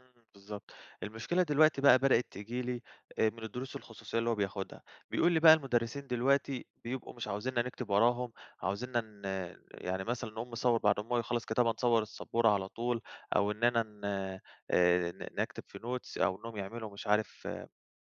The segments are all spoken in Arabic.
امم، بالضبط، المشكلة دلوقتي بقى بدأت تيجي لي، آآ من الدروس الخصوصيَّة اللي هو بياخُدها، بيقول لي بقى: "المدرِّسين دلوقتي بيبقوا مش عايزينّا نكتُب وراهُم، عايزينّا ن يعني مثلًا نقوم نصوِّر بعد ما هو يخلَّص كتابة، نصوِّر السبورة على طول، أو إننا ن آآ ن نكتب في notes." أو إنّهُم يعمَلوا مش عارِف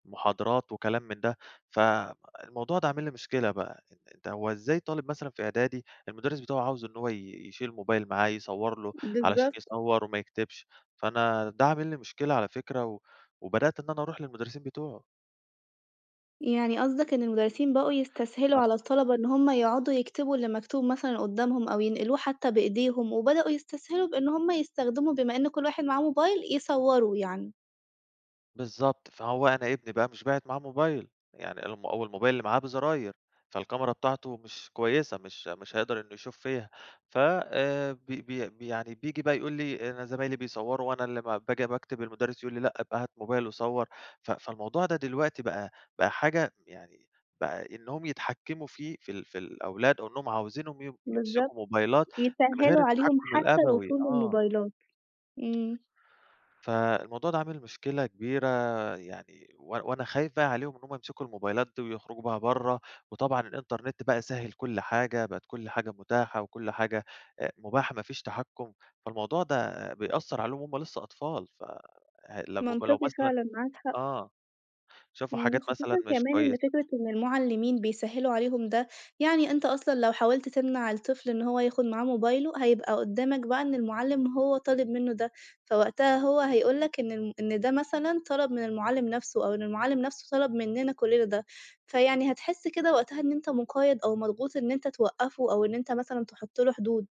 محاضرات وكلام من ده. فالموضوع ده عامِل لي مشكلة بقى، أنتَ هو إزاي طالِب مثلًا في إعدادي، المدرِّس بتاعه عايِز إن هو ي يشيل موبايل معاه يصوِّر له، علشان بالضبط. يصوِّر وما يكتِبش؟ فأنا ده عامِل لي مشكلة على فكرة، و وبدأت إن أنا أرُوح للمدرِّسين بتوعه. يعني قصدَك إن المدرِّسين بقوا يستسهَلوا ه على الطلبة إن هُم يقعدوا يكتبوا اللي مكتوب مثلًا قُدَّامهم أو ينقلوه حتّى بإيديهم، وبدؤوا يستسهَلوا بإن هُم يستخدَموا، بما إن كل واحد معاه موبايل، يصوّروا يعني. بالضبط، فهو أنا ابني بقى مش باعِت معاه موبايل، يعني الم أو الموبايل اللي معاه بزراير، فالكاميرا بتاعته مش كويِّسة، مش مش هيقدَر إنه يشوف فيها. ف آآ، بي بي بي يعني بييجي بقى يقول لي: "أنا زمايلي بيصوِّروا وأنا اللي ما باجي باكتُب، المدرِّس يقول لي: 'لأ، أبقى هات موبايل وصوّر.'" ف فالموضوع ده دلوقتي بقى بقى حاجة يعني بقى إنّهُم يتحكَّموا فيه، في ال في الأولاد، إنّهُم عايزِينهُم ي بالضبط، يمسِكوا موبايلات من غير يسهِّلوا عليهم التحكُّم حتى الأبوي، الوصول آه. للموبايلات، امم. فالموضوع ده عامل مشكلة كبيرة يعني، و وأنا خايِف بقى عليهم إن هُم يمسِكوا الموبايلات دي ويخرُجوا بيها برّه، وطبعًا الإنترنت بقى سهَّل كل حاجة، بقِت كل حاجة متاحة وكل حاجة، أ مباحة، ما فيش تحكُّم، فالموضوع ده بيأثِّر عليهُم وهُم لسَّه أطفال. ف لمّا لو منطقي مثلًا فعلًا، معاك حق. آه، شافوا امم، حاجات خصوصًا مثلًا مش كمان إن كويِّسة. فكرة إن المعلِّمين بيسهِّلوا عليهم ده، يعني أنتَ أصلًا لو حاوَلت تمنَع الطفل إن هو ياخُد معاه موبايله، هيبقى قُدَّامك بقى إن المعلِّم هو طالِب منه ده، فوقتها هو هيقول لك إن ال إن ده مثلًا طلَب من المعلّم نفسه، أو إن المعلّم نفسه طلَب مِننا كلِّنا ده، فيعني هتحِس كده وقتها إن أنتَ مقيَّد أو مضغوط، إن أنتَ توقِّفه أو إن أنتَ مثلًا تحُط له حدود.